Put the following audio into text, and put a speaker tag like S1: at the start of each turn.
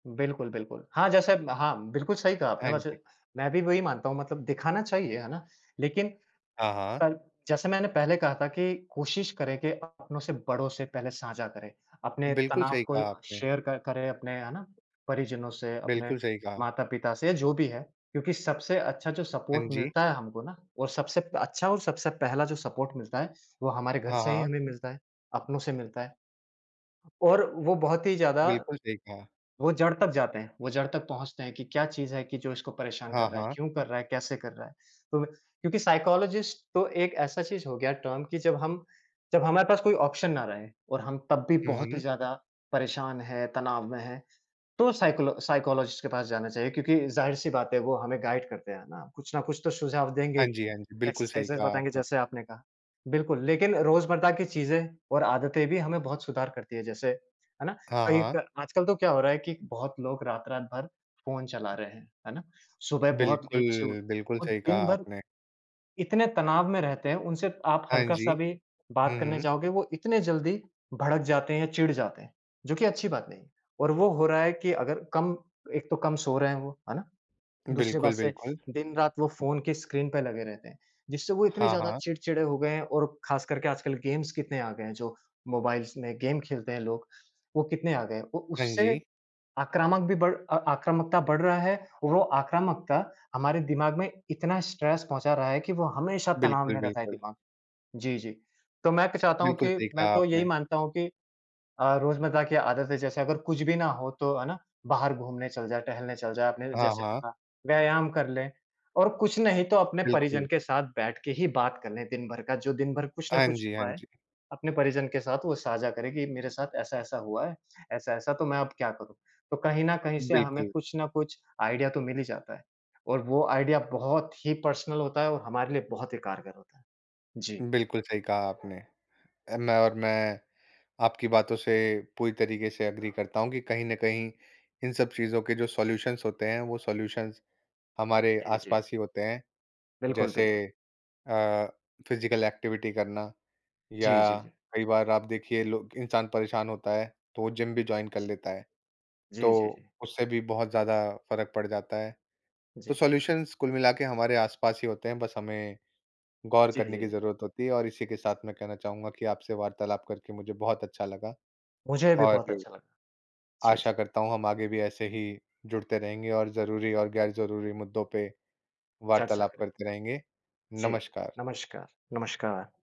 S1: बिल्कुल, बिल्कुल। हाँ, जैसे ब हाँ, बिल्कुल सही कहा आपने
S2: हाँ
S1: वैसे।
S2: जी।
S1: मैं भी वही मानता हूँ, मतलब दिखाना चाहिए, है ना? लेकिन
S2: हाँ, हाँ।
S1: पर जैसे मैंने पहले कहा था कि कोशिश करें कि अपनों से बड़ों से पहले साझा करें, अपने
S2: बिल्कुल
S1: तनाव
S2: सही
S1: को
S2: कहा
S1: अ,
S2: आपने।
S1: शेयर कर करें अपने, है ना, परिजनों से, अपने
S2: बिल्कुल सही कहा।
S1: माता-पिता से, या जो भी है। क्योंकि सबसे अच्छा जो
S2: हाँ
S1: सपोर्ट
S2: जी।
S1: मिलता है हमको ना, और सबसे अच्छा और सबसे पहला जो सपोर्ट मिलता है, वो हमारे घर
S2: हाँ,
S1: से ही
S2: हाँ।
S1: हमें मिलता है, अपनों से मिलता है। और वो बहुत ही ज़्यादा
S2: बिल्कुल सही कहा।
S1: वो जड़ तक जाते हैं, वो जड़ तक पहुँचते हैं कि क्या चीज़ है कि जो इसको परेशान
S2: हाँ,
S1: कर रहा है,
S2: हाँ।
S1: क्यों कर रहा है, कैसे कर रहा है। तो क्योंकि साइकोलॉजिस्ट तो एक ऐसा चीज़ हो गया, टर्म कि जब हम जब हमारे पास कोई ऑप्शन ना रहे, और हम तब भी
S2: हुँ,
S1: बहुत ही
S2: हुँ।
S1: ज़्यादा परेशान हैं, तनाव में हैं, तो साइकोलॉ साइकोलॉजिस्ट के पास जाना चाहिए क्योंकि ज़ाहिर-सी बात है, वो हमें गाइड करते हैं ना, कुछ ना कुछ तो सुझाव देंगे ही,
S2: हाँ जी, हाँ जी। बिल्कुल सही
S1: एक्सरसाइजेज़
S2: कहा
S1: बताएँगे
S2: आपने।
S1: जैसे आपने कहा। बिल्कुल, लेकिन रोज़मर्रा की चीज़ें और आदतें भी हमें बहुत सुधार करती हैं जैसे, है ना,
S2: हाँ,
S1: कहीं
S2: हाँ।
S1: क आजकल तो क्या हो रहा है कि बहुत लोग रात-रात भर फ़ोन चला रहे हैं, है ना। सुबह बहुत
S2: बिल्कुल,
S1: लेट से उठ
S2: बिल्कुल
S1: और
S2: सही कहा
S1: दिन भर
S2: आपने।
S1: इतने तनाव में रहते हैं, उनसे आप
S2: हाँ जी।
S1: हल्का-सा भी बात
S2: हुँ,
S1: करने
S2: हुँ।
S1: जाओगे, वो इतने जल्दी भड़क जाते हैं या चिढ़ जाते हैं, जो कि अच्छी बात नहीं है। और वो हो रहा है कि अगर कम एक तो कम सो रहे हैं वो, है ना। दूसरी बात
S2: बिल्कुल,
S1: से,
S2: बिल्कुल।
S1: दिन-रात वो फ़ोन की स्क्रीन पे लगे रहते हैं जिससे वो इतने
S2: हाँ,
S1: ज़्यादा
S2: हाँ।
S1: चिड़चिड़े हो गए हैं, और ख़ास करके आजकल गेम्स कितने आ गए हैं, जो मोबाइल्स में गेम खेलते हैं लोग, वो कितने आ गए हैं। वो
S2: हाँ
S1: उससे
S2: जी।
S1: आक्रामक भी बढ़ अ, आक्रामकता बढ़ रहा है, वो आक्रामकता हमारे दिमाग में इतना स्ट्रेस पहुँचा रहा है कि वो हमेशा तनाव
S2: बिल्कुल,
S1: में रहता है
S2: बिल्कुल।
S1: दिमाग। जी, जी। तो मैं तो चाहता हूँ
S2: बिल्कुल
S1: कि
S2: सही
S1: मैं
S2: कहा
S1: तो यही
S2: आपने।
S1: मानता हूँ कि अ, रोज़मर्रा की आदत है, जैसे अगर कुछ भी ना हो तो, है ना, बाहर घूमने चल जा, टहलने चल जा, अपने
S2: हाँ,
S1: जैसे कि
S2: हाँ।
S1: हाँ, व्यायाम कर लें, और कुछ नहीं तो अपने परिजन
S2: बिल्कुल।
S1: के साथ बैठ के ही बात कर लें दिन भर का। जो दिन भर कुछ ना
S2: हाँ
S1: कुछ
S2: जी, हाँ
S1: हुआ है,
S2: जी।
S1: अपने परिजन के साथ वो साझा करें कि, मेरे साथ ऐसा-ऐसा हुआ है, ऐसा-ऐसा, तो मैं अब क्या करूँ? तो कहीं ना कहीं से हमें
S2: बिल्कुल।
S1: कुछ ना कुछ आइडिया तो मिल ही जाता है, और वो आइडिया बहुत ही पर्सनल होता है और हमारे लिए बहुत ही कारगर होता है। जी।
S2: बिल्कुल सही कहा आपने। अ, मैं और मैं आपकी बातों से पूरी तरीके से एग्री करता हूँ कि कहीं न कहीं इन सब चीज़ों के जो सॉल्यूशंस होते हैं, वो सॉल्यूशंस हमारे
S1: नहीं बेचे।
S2: आसपास ही होते हैं।
S1: बिल्कुल,
S2: जैसे
S1: बिल्कुल।
S2: अ, फिज़िकल एक्टिविटी करना,
S1: जी, जी,
S2: या
S1: जी।
S2: कई बार आप देखिए लोग इंसान परेशान होता है, तो वो जिम भी जॉइन कर लेता है,
S1: जी, जी,
S2: तो
S1: जी।
S2: उससे भी बहुत ज़्यादा फ़र्क पड़ जाता है। तो
S1: जी।
S2: सॉल्यूशंस कुल मिला के हमारे आसपास ही होते हैं, बस हमें गौर
S1: जी,
S2: करने की
S1: जी।
S2: ज़रूरत होती है। और इसी के साथ मैं कहना चाहूँगा कि आपसे वार्तालाप करके मुझे बहुत अच्छा लगा।
S1: मुझे भी
S2: और
S1: बहुत अच्छा लगा। जी,
S2: आशा
S1: जी।
S2: करता हूँ, हम आगे भी ऐसे ही जुड़ते रहेंगे, और ज़रूरी और गैर-ज़रूरी मुद्दों पे
S1: चर्चा
S2: वार्तालाप
S1: करें।
S2: करते रहेंगे।
S1: जी,
S2: नमस्कार।
S1: नमस्कार, नमस्कार।